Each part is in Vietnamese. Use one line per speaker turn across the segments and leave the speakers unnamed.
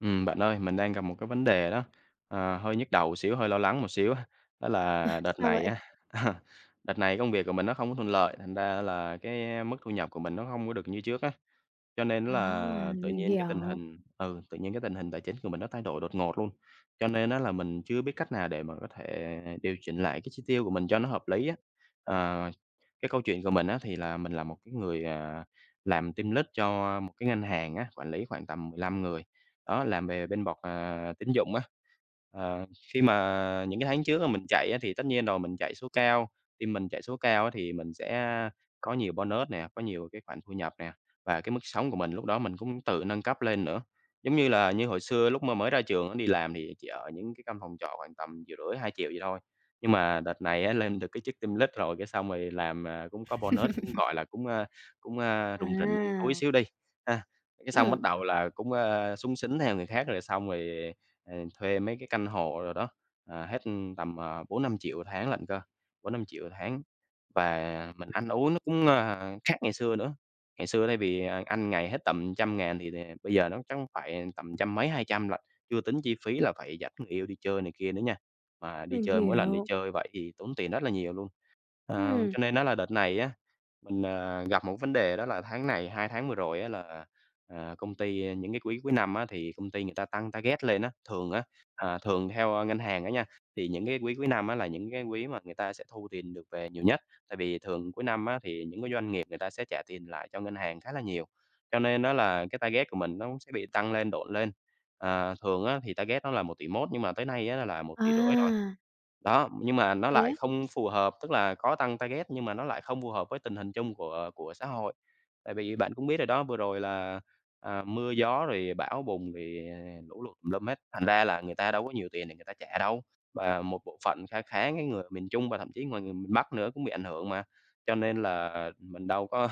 Ừm, bạn ơi, mình đang gặp một cái vấn đề đó, ờ, hơi nhức đầu một xíu, hơi lo lắng một xíu ha. Đó
Ờ,
là đợt
sao
này
vậy?
á, đợt này công việc của mình nó không có thuận lợi, thành ra là cái mức thu nhập của mình nó hông có được như trước á, cho nên á
À,
là tự
mình
nhiên cái tình
hiểu.
hình, ừ, tự nhiên cái tình hình tài chính của mình nó thay đổi đột ngột luôn, cho nên á là mình chưa biết cách nào để mà có thể điều chỉnh lại cái chi tiêu của mình cho nó hợp lý á. Ờ, cái câu chuyện của mình á thì là mình là một cái người, à, làm team lead cho một cái ngân hàng á, quản lý khoảng tầm 15 người, đó, làm về bên bọt à, tín dụng á. Ờ, khi mà những cái tháng trước á mình chạy á thì tất nhiên rồi, mình chạy số cao. Khi mình chạy số cao á thì mình sẽ có nhiều bonus nè, có nhiều cái khoản thu nhập nè, và cái mức sống của mình lúc đó mình cũng tự nâng cấp lên nữa. Giống như là, như hồi xưa lúc mà mới ra trường á đi làm thì chỉ ở những cái căn phòng trọ khoảng tầm 1.500.000-2.000.000 vậy thôi. Nhưng mà đợt này á, lên được cái chức team lead rồi, cái xong rồi làm, ờ, cũng có bonus, cũng, gọi là, cũng, à cũng, à, rủng rỉnh túi
À.
xíu đi, ha. Cái xong bắt
Ừm.
đầu là cũng, à, xúng xính theo người khác, rồi xong rồi, ờ, thuê mấy cái căn hộ đồ đó, ờ, hết tầm, ờ, 4.000.000-5.000.000 1 tháng lận cơ, 4.000.000-5.000.000 1 tháng. Và, à, mình ăn uống nó cũng, à, khác ngày xưa nữa, ngày xưa thay vì ăn 1 ngày hết tầm trăm ngàn thì, ờ, bây giờ nó chắc phải tầm trăm mấy, 200.000 lận, chưa tính chi phí là phải dẫn người yêu đi chơi này kia nữa nha. Mà đi
Mình
chơi mỗi lần đi
hiểu.
chơi vậy thì tốn tiền rất là nhiều luôn. Ờ,
Ừm.
cho nên á là đợt này á, mình, ờ, gặp 1 cái vấn đề đó là tháng này, 2 tháng vừa rồi á là, ờ, công ty những cái quý cuối năm á, thì công ty người ta tăng target lên á. Thường á, à, thường theo ngân hàng á nha, thì những cái quý cuối năm á là những cái quý mà người ta sẽ thu tiền được về nhiều nhất, tại vì thường cuối năm á thì những cái doanh nghiệp người ta sẽ trả tiền lại cho ngân hàng khá là nhiều, cho nên á là cái target của mình nó cũng sẽ bị tăng lên, độn lên, ờ, thường á thì target nó là 1.100.000.000 nhưng mà tới nay á là 1.500.000.000, rồi.
À!
Đó, nhưng mà nó
Thế
lại
á?
không phù hợp, tức là có tăng target nhưng mà nó lại không phù hợp với tình hình chung của của xã hội. Tại vì bạn cũng biết rồi đó, vừa rồi là, ờ, mưa gió rồi bão bùng, rồi, lũ lụt tùm lum hết, thành ra là người ta đâu có nhiều tiền để người ta trả đâu. Và một bộ phận kha khá cái người ở miền Trung và thậm chí ngoài người miền Bắc nữa cũng bị ảnh hưởng mà, cho nên là mình đâu có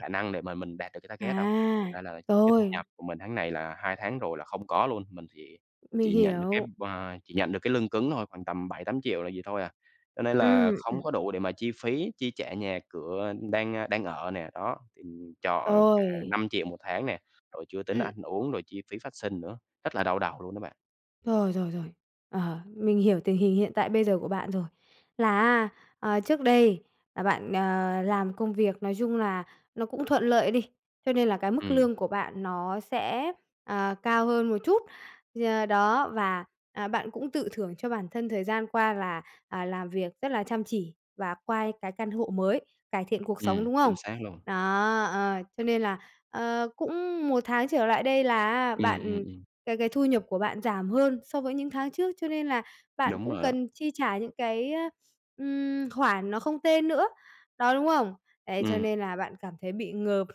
khả năng để mà mình đạt được cái target đâu.
À,
Thành ra là cái thu
rồi.
nhập của mình tháng này là 2 tháng rồi là không có luôn, mình chỉ
Mình
chỉ nhận được cái
hiểu.
bo à, chỉ nhận được cái lương cứng thôi, khoảng tầm 7.000.000-8.000.000 là vậy thôi à, cho nên là
Ừm,
không
ừm.
có đủ để mà chi phí, chi trả nhà cửa đang, ờ, đang ở nè, đó, thì trọ cả
Rồi.
5.000.000 1 tháng nè, rồi chưa tính
Ừm.
ăn uống, rồi chi phí phát sinh nữa, rất là đau đầu luôn đó bạn.
Rồi, rồi, rồi, ờ, mình hiểu tình hình hiện tại bây giờ của bạn rồi là á, à, trước đây là bạn, ờ, làm công việc nói chung là nó cũng thuận lợi đi, cho nên là cái mức
Ừm.
lương của bạn nó sẽ, à, cao hơn một chút gì à, đó và, à, bạn cũng tự thưởng cho bản thân thời gian qua là, à, làm việc rất là chăm chỉ và qua cái căn hộ mới, cải thiện cuộc sống,
Ừm,
đúng
chính
không?
xác luôn.
Đó, ờ, cho nên là, ờ, cũng 1 tháng trở lại đây là á
Ừm, ừm,
bạn
ừm.
cái cái thu nhập của bạn giảm hơn so với những tháng trước, cho nên là bạn
Đúng
cũng
rồi đó.
cần chi trả những cái, ơ, ừm, khoản nó không tên nữa, đó, đúng không? Đấy cho
Ừm.
nên là bạn cảm thấy bị ngợp,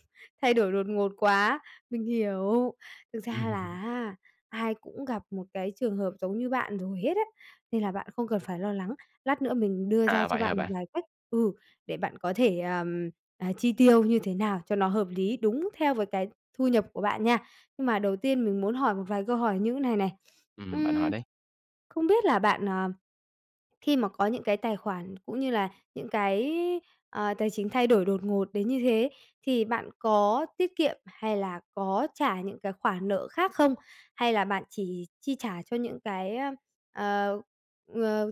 thay đổi đột ngột quá. Mình hiểu, thực ra là á, ai cũng gặp một cái trường hợp giống như bạn rồi hết á, nên là bạn không cần phải lo lắng, lát nữa mình đưa ra
À,
cho
vậy hả
bạn một
bạn?
vài cách ừ, để bạn có thể, ờm, à, chi tiêu như thế nào cho nó hợp lý đúng theo với cái thu nhập của bạn nha. Nhưng mà đầu tiên mình muốn hỏi một vài câu hỏi như này này.
Ừm, bạn hỏi
Ưm,
đi!
không biết là bạn, ờ, khi mà có những cái tài khoản cũng như là những cái, ờ, tài chính thay đổi đột ngột đến như thế, thì bạn có tiết kiệm hay là có trả những cái khoản nợ khác không? Hay là bạn chỉ chi trả cho những cái, ơ, ờ, ờ,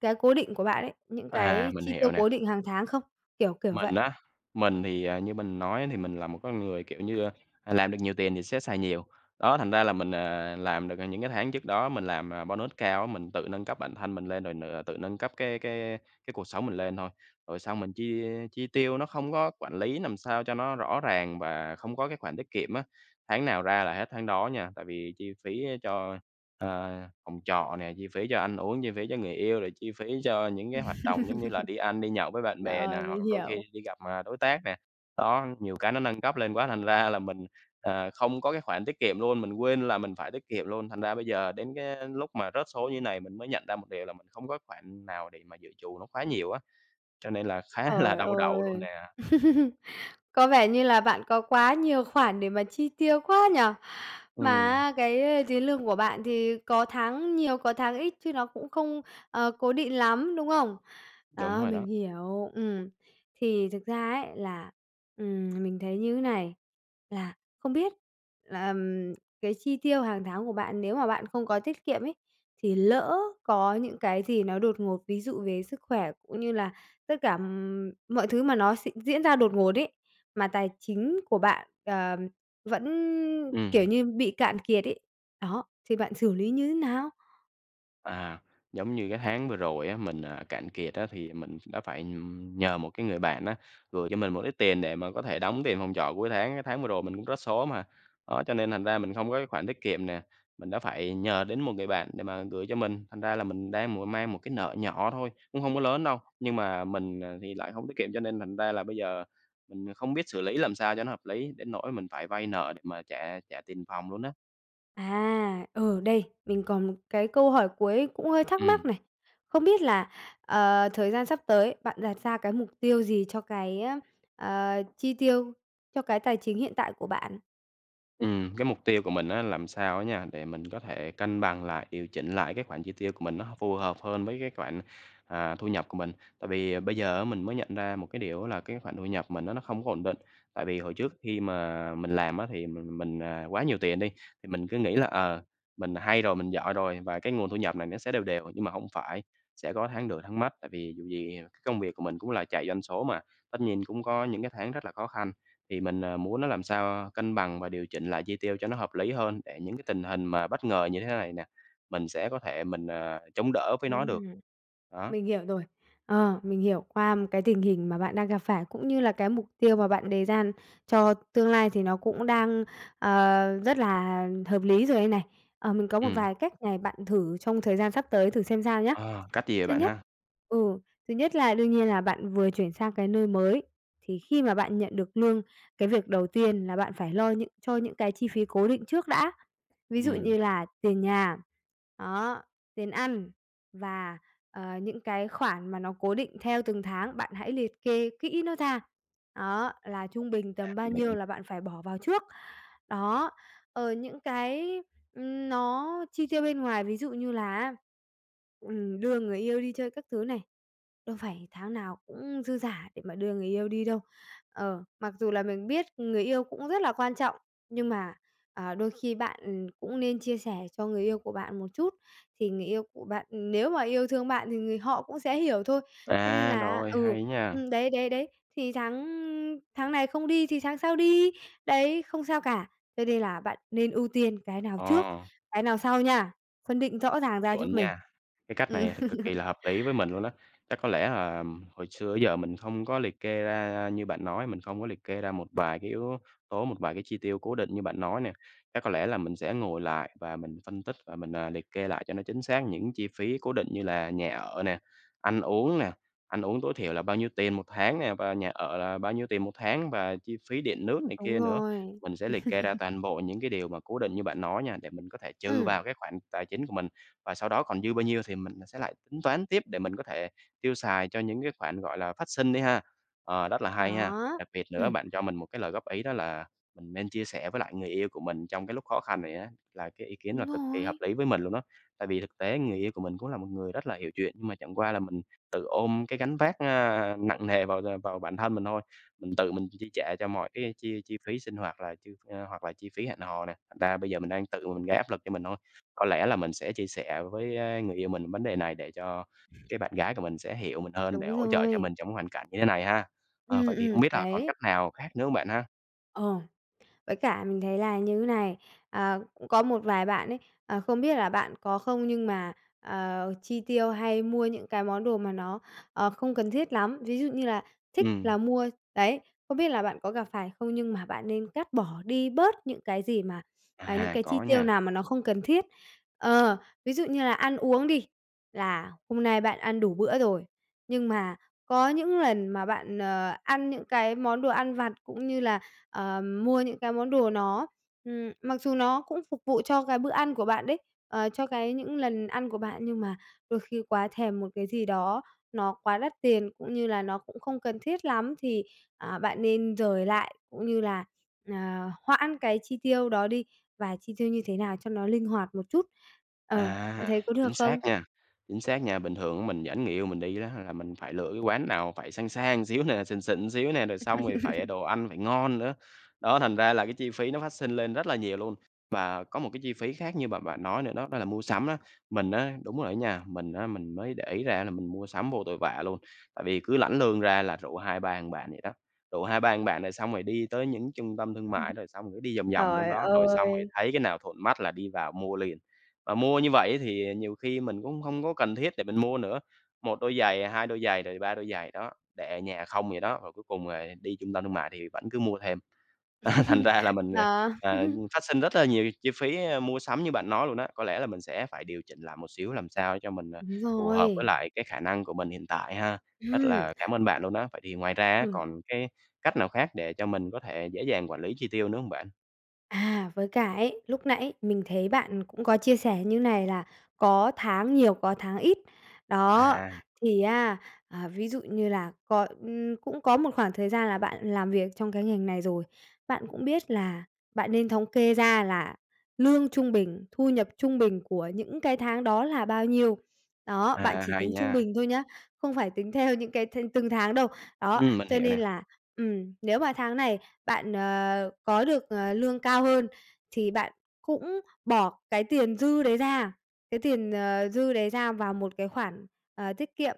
cái cố định của bạn ấy, những
À,
cái
mình
chi tiêu
hiểu nè.
cố định hàng tháng không? Kiểu, kiểu vậy.
Mình á, mình thì, à, như mình nói thì mình là một con người, kiểu như, ơ, làm được nhiều tiền thì sẽ xài nhiều, đó, thành ra là mình à làm được, à, những cái tháng trước đó mình làm, à, bonus cao á, mình tự nâng cấp bản thân mình lên rồi n tự nâng cấp cái cái cái cuộc sống mình lên thôi. Rồi xong mình chi chi tiêu nó không có quản lý làm sao cho nó rõ ràng và không có cái khoản tiết kiệm á, tháng nào ra là hết tháng đó nha, tại vì chi phí cho, ờ, phòng trọ nè, chi phí cho ăn uống, chi phí cho người yêu, rồi chi phí cho những cái hoạt động giống như là đi ăn, đi nhậu với bạn bè nè,
Rồi,
hoặc
mình
đôi khi
hiểu.
đi gặp, à, đối tác nè, đó, nhiều cái nó nâng cấp lên quá thành ra là mình, à, không có cái khoản tiết kiệm luôn, mình quên là mình phải tiết kiệm luôn, thành ra bây giờ đến cái lúc mà rớt số như này mình mới nhận ra một điều là mình không có cái khoản nào để mà dự trù nó quá nhiều á, cho nên là khá là
Trời
đau đầu luôn
ơi!
nè.
Có vẻ như là bạn có quá nhiều khoản để mà chi tiêu quá nhỉ? Mà
Ừm.
á cái tiền lương của bạn thì có tháng nhiều, có tháng ít chứ nó cũng không, ờ, cố định lắm, đúng không?
Đúng
Đó,
rồi
mình
đó.
hiểu, ừm, thì thực ra ấy là, ừm, mình thấy như này, là không biết là, ờm, cái chi tiêu hàng tháng của bạn nếu mà bạn không có tiết kiệm ấy thì lỡ có những cái gì nó đột ngột, ví dụ về sức khỏe cũng như là tất cả, ừm, mọi thứ mà nó s diễn ra đột ngột ấy, mà tài chính của bạn, ờ, vẫn, kiểu
Ừm.
như, bị cạn kiệt ấy, đó, thì bạn xử lý như thế nào?
À. Giống như cái tháng vừa rồi á, mình, à, cạn kiệt á thì mình đã phải, ừm, nhờ một cái người bạn á, gửi cho mình một ít tiền để mà có thể đóng tiền phòng trọ cuối tháng, cái tháng vừa rồi mình cũng có số mà. Đó, cho nên thành ra mình không có cái khoản tiết kiệm nè, mình đã phải nhờ đến một người bạn để mà gửi cho mình, thành ra là mình đang mộ mang một cái nợ nhỏ thôi, cũng hông có lớn đâu, nhưng mà mình, à, thì lại hổng tiết kiệm, cho nên thành ra là bây giờ mình, ờ, không biết xử lý làm sao cho nó hợp lý đến nỗi mình phải vay nợ để mà trả trả tiền phòng luôn á.
À, ừ, đây, mình còn một cái câu hỏi cuối cũng hơi thắc mắc
Ừm.
này! Không biết là, ờ, thời gian sắp tới bạn đặt ra cái mục tiêu gì cho cái, ơ, ờ, chi tiêu cho cái tài chính hiện tại của bạn?
Ừm, cái mục tiêu của mình á làm sao á nha, để mình có thể cân bằng lại, điều chỉnh lại cái khoản chi tiêu của mình nó h phù hợp hơn với cái khoản, à, thu nhập của mình, tại vì bây giờ á mình mới nhận ra một cái điều á là cái khoản thu nhập của mình á nó không có ổn định, tại vì hồi trước khi mà mình làm á thì mình mình, à, quá nhiều tiền đi, thì mình cứ nghĩ là, ờ, mình hay rồi, mình giỏi rồi và cái nguồn thu nhập này nó sẽ đều đều. Nhưng mà hông phải, sẽ có tháng được tháng mất, tại vì dù gì, ờ, công việc của mình cũng là chạy doanh số mà, tất nhiên cũng có những cái tháng rất là khó khăn, thì mình, à, muốn nó làm sao, a, cân bằng và điều chỉnh lại chi tiêu cho nó hợp lý hơn để những cái tình hình mà bất ngờ như thế này nè, mình sẽ có thể mình, ờ, chống đỡ với nó được.
Ừm.
Đó.
Mình hiểu rồi! Ờ, mình hiểu, qua cái tình hình mà bạn đang gặp phải, cũng như là cái mục tiêu mà bạn đề ra cho tương lai thì nó cũng đang, ờ, rất là hợp lý rồi đây này. Ờ, mình có một
Ừm.
vài cách này bạn thử trong thời gian sắp tới thử xem sao nhá.
Ờ, cách gì vậy
Thứ
bạn
nhất
ha?
ừ, thứ nhất là đương nhiên là bạn vừa chuyển sang cái nơi mới, thì khi mà bạn nhận được lương, cái việc đầu tiên là bạn phải lo những cho những cái chi phí cố định trước đã, ví dụ
Ừm.
như là tiền nhà, đó, tiền ăn và, ờ, những cái khoản mà nó cố định theo từng tháng, bạn hãy liệt kê kỹ nó ra. Đó, là trung bình
À,
tầm bao
mình hiểu.
nhiêu là bạn phải bỏ vào trước. Đó, ờ, những cái, ừm, nó chi tiêu bên ngoài, ví dụ như là á, ừm, đưa người yêu đi chơi các thứ này, đâu phải tháng nào cũng dư dả để mà đưa người yêu đi đâu. Ờ, mặc dù là mình biết người yêu cũng rất là quan trọng, nhưng mà, à, đôi khi bạn cũng nên chia sẻ cho người yêu của bạn một chút thì người yêu của bạn nếu mà yêu thương bạn thì người họ cũng sẽ hiểu thôi. Cho nên
À,
là
rồi,
ừ,
hay nha.
ừm, đấy, đấy, đấy, thì tháng, ưm, tháng này không đi thì tháng sau đi, đấy, không sao cả. Tê đê là bạn nên ưu tiên cái nào trước,
Ờ.
cái nào sau nha, phân định rõ ràng ra giúp
Chuẩn
mình.
nha. Cái cách
Ừm.
này thì cực kỳ là hợp lý với mình luôn á. Chắc có lẽ, à, hồi xưa tới giờ mình hông có liệt kê ra ra như bạn nói, mình không có liệt kê ra một vài cái yếu tố, một vài cái chi tiêu cố định như bạn nói nè. Chắc có lẽ là mình sẽ ngồi lại và mình phân tích và mình, à, liệt kê lại cho nó chính xác những chi phí cố định như là nhà ở nè, ăn uống nè, ăn uống tối thiểu là bao nhiêu tiền một tháng nè, và nhà ở là bao nhiêu tiền một tháng và chi phí điện nước này
Đúng
kia nữa.
rồi.
Mình sẽ liệt kê ra toàn bộ những cái điều mà cố định như bạn nói nha, để mình có thể trừ
Ừm.
vào cái khoản tài chính của mình, và sau đó còn dư bao nhiêu thì mình sẽ lại tính toán tiếp để mình có thể tiêu xài cho những cái khoản, gọi là, phát sinh đi ha. Ờ, rất là hay ha,
Đó.
đặc biệt nữa
Ừm.
bạn cho mình một cái lời góp ý đó là mình nên chia sẻ với lại người yêu của mình trong cái lúc khó khăn này á là cái ý kiến là
Đúng
cực kỳ hợp
rồi!
lý với mình luôn đó, tại vì thực tế người yêu của mình cũng là một người rất là hiểu chuyện, nhưng mà chẳng qua là mình tự ôm cái gánh vác, ơ, nặng nề vào, ơ, vào bản thân mình thôi. Mình tự mình chi trả cho mọi cái chi chi phí sinh hoạt là chưa ơ, hoặc là chi phí hẹn hò nè, thành ra bây giờ mình đang tự mình gây áp lực cho mình thôi. Có lẽ là mình sẽ chia sẻ với, a, người yêu mình vấn đề này để cho cái bạn gái của mình sẽ hiểu mình hơn để
Đúng
hỗ trợ cho
rồi!
mình trong cái hoàn cảnh như thế này ha. Ờ, vậy
Ừm,
thì hông
ừm,
biết là còn
đấy.
cách nào khác nữa hông bạn ha?
Ờ. Với cả mình thấy là như thế này, à, cũng có một vài bạn ấy, à, không biết là bạn có không? Nhưng mà, ờ, chi tiêu, hay mua những cái món đồ mà nó, ờ, không cần thiết lắm, ví dụ như là thích là
Ừm.
mua đấy, không biết là bạn có gặp phải không? Nhưng mà bạn nên cắt bỏ đi bớt những cái gì mà, à, những
À,
cái
có
chi tiêu
nha.
nào mà nó không cần thiết. Ờ, ví dụ như là ăn uống đi, là hôm nay bạn ăn đủ bữa rồi, nhưng mà có những lần mà bạn, ờ, ăn những cái món đồ ăn vặt, cũng như là, ờ, mua những cái món đồ nó, ừm mặc dù nó cũng phục vụ cho cái bữa ăn của bạn đấy, ờ, cho cái những lần ăn của bạn, nhưng mà đôi khi quá thèm một cái gì đó nó quá đắt tiền, cũng như là nó cũng không cần thiết lắm thì, à, bạn nên dời lại, cũng như là, ờ, hoãn cái chi tiêu đó đi và chi tiêu như thế nào cho nó linh hoạt một chút. Ờ,
À,
bạn thấy có
chính
được
xác
không?
nha, chính xác nha, bình thường á mình dẫn người yêu mình đi đó ha, là mình phải lựa cái quán nào phải sang sang xíu nè, xịn xịn xíu nè, rồi xong rồi phải, ờ, đồ ăn phải ngon nữa. Đó, thành ra là cái chi phí nó phát sinh lên rất là nhiều luôn. Và có một cái chi phí khác như mà bạn nói nữa đó, đó là mua sắm á. Mình á đúng rồi á nha, mình á mình mới để ý ra là mình mua sắm vô tội vạ luôn, tại vì cứ lãnh lương ra là rủ 2, 3 thằng bạn vậy đó, rủ 2, 3 thằng bạn rồi xong rồi đi tới những trung tâm thương
Ừm.
mại, rồi xong cứ đi vòng vòng trong
Trời
đó, rồi xong rồi thì
ơi!
thấy cái nào thuận mắt là đi vào mua liền. Và mua như vậy ấy thì, ờ, nhiều khi mình cũng không có cần thiết để mình mua nữa, một đôi giày, hai đôi giày rồi ba đôi giày, đó, để ở nhà không vậy đó, rồi cuối cùng là đi trung tâm thương mại thì vẫn cứ mua thêm. Thành ra là mình,
Đó.
ờ, phát sinh rất là nhiều chi phí, ơ, mua sắm như bạn nói luôn á, có lẽ là mình sẽ phải điều chỉnh lại một xíu làm sao để cho mình, ờ,
Đúng
phù hợp với
rồi.
lại cái khả năng của mình hiện tại ha. Rất
Ừm.
là cảm ơn bạn luôn á! Vậy thì ngoài ra á
Ừm.
còn cái cách nào khác để cho mình có thể dễ dàng quản lý chi tiêu nữa hông bạn?
À, với cả ấy, lúc nãy mình thấy bạn cũng có chia sẻ như này là có tháng nhiều, có tháng ít. Đó,
À.
thì á à, ví dụ như là cọi, ừm, cũng có một khoảng thời gian là bạn làm việc trong cái ngành này rồi, bạn cũng biết là bạn nên thống kê ra là lương trung bình thu nhập trung bình của những cái tháng đó là bao nhiêu. Đó, bạn
À,
chỉ
hay
tính trung
nha.
bình thôi nhá, không phải tính theo những cái thìn từng tháng đâu. Đó,
Ừm, mình
cho
hiểu
nên
nè.
là ừm, nếu mà tháng này bạn, ờ, có được, ờ, lương cao hơn thì bạn cũng bỏ cái tiền dư đấy ra, cái tiền, ờ, dư đấy ra vào một cái khoản, ờ, tiết kiệm.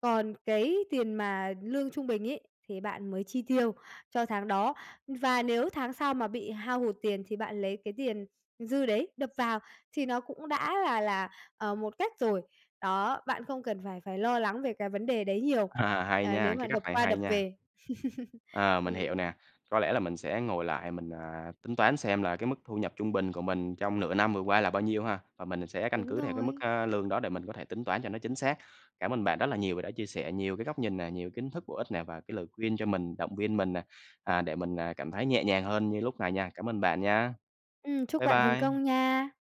Còn cái tiền mà lương trung bình ấy, thì bạn mới chi tiêu cho tháng đó. Và nếu tháng sau mà bị hao hụt tiền thì bạn lấy cái tiền dư đấy đập vào thì nó cũng đã là là, ờ, một cách rồi. Đó, bạn không cần phải phải lo lắng về cái vấn đề đấy nhiều,
À, hay
ờ, nếu
nha,
mà
cái cách
đập
này
qua
hay
đập
nha.
về.
Ờ, mình
Ừ.
hiểu nè. Có lẽ là mình sẽ ngồi lại mình, à, tính toán xem là cái mức thu nhập trung bình của mình trong nửa năm vừa qua là bao nhiêu ha, và mình sẽ căn
Đúng
cứ theo cái mức,
rồi.
a, lương đó để mình có thể tính toán cho nó chính xác. Cảm ơn bạn rất là nhiều và đã chia sẻ nhiều cái góc nhìn nè, nhiều kiến thức bổ ích nè, và cái lời khuyên cho mình, động viên mình nè, à, để mình, à, cảm thấy nhẹ nhàng hơn như lúc này nha. Cảm ơn bạn nha.
Ừm, chúc
Bye
bạn thành
bye.
công nha!